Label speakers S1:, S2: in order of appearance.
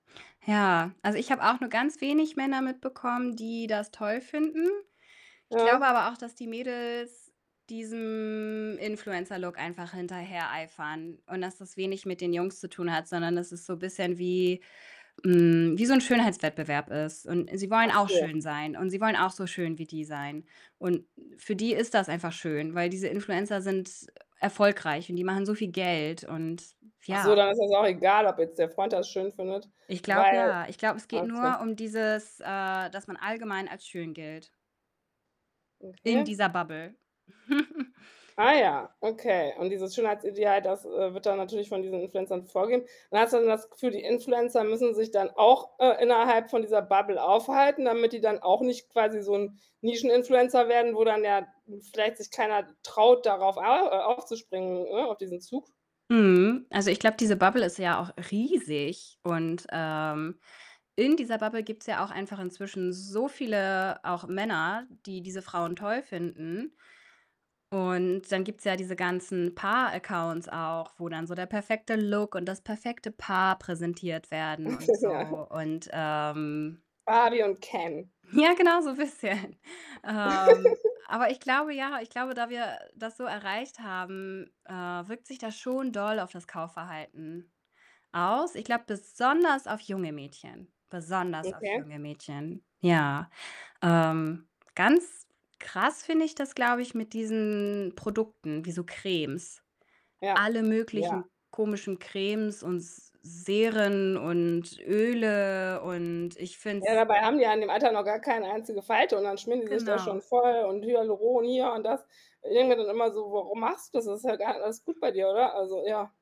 S1: Ja. Also, ich habe auch nur ganz wenig Männer mitbekommen, die das toll finden. Ich glaube
S2: Ja.
S1: aber auch, dass die Mädels diesem Influencer-Look einfach hinterhereifern und, dass das wenig mit den Jungs zu tun hat, sondern, dass ist so bisschen wie, hm wie so 'n Schönheitswettbewerb ist und sie wollen
S2: Ach
S1: auch
S2: so.
S1: schön sein. Und sie wollen auch so schön wie die sein und für die ist das einfach schön, weil diese Influencer sind, äh, erfolgreich und die machen so viel Geld und
S2: Ach so,
S1: ja.
S2: dann ist das auch egal, ob jetzt der Freund das schön findet,
S1: Ich glaube,
S2: weil
S1: ja. Ich glaube, es geht
S2: Okay.
S1: nur um dieses äh, dass man allgemein als schön gilt in
S2: Okay.
S1: dieser Bubble.
S2: Ah ja, okay und dieses Schönheitsideal, das, äh, wird dann natürlich von diesen Influencern vorgege man hat so das Gefühl, die Influencer müssen sich dann auch, äh, innerhalb von dieser Bubble aufhalten, damit die dann auch nicht quasi so 'n Nischen-Influencer werden, wo dann, ja, vielleicht sich keiner traut, darauf au äh, aufzuspringen, ne, auf diesen Zug?
S1: Mhm. Also, ich glaube, diese Bubble ist ja auch riesig. Und ähm, in dieser Bubble gibt's ja auch einfach inzwischen so viele auch Männer, die diese Frauen toll finden und dann gibt's ja diese ganzen Paar-Accounts auch, wo dann so der perfekte Look und das perfekte Paar präsentiert werden und so
S2: Ja.
S1: und, ähm
S2: Barbie und Ken.
S1: Ja, genau so, bisschen. Ähm, aber ich glaube ja, ich glaube, da wir, äh, das so erreicht haben, äh, wirkt sich das schon doll auf das Kaufverhalten aus. Ich glaube, besonders auf junge Mädchen, besonders auf
S2: Okay.
S1: junge Mädchen, ja. Ähm, ganz krass finde ich das, glaube ich, mit diesen Produkten wie so Cremes.
S2: Ja.
S1: Alle
S2: Ja.
S1: möglichen komischen Cremes und S Seren und Öle und ich finde
S2: Ja,
S1: es
S2: dabei haben die ja in dem Alter noch gar keine einzige Falte und dann schmieren die sich da
S1: Genau.
S2: schon voll und Hyaluron hier und das. Irgendwie dann immer so: „Warum machst du so? Das ist ja [unintelligible] alles gut bei dir, oder?“ Also, ja.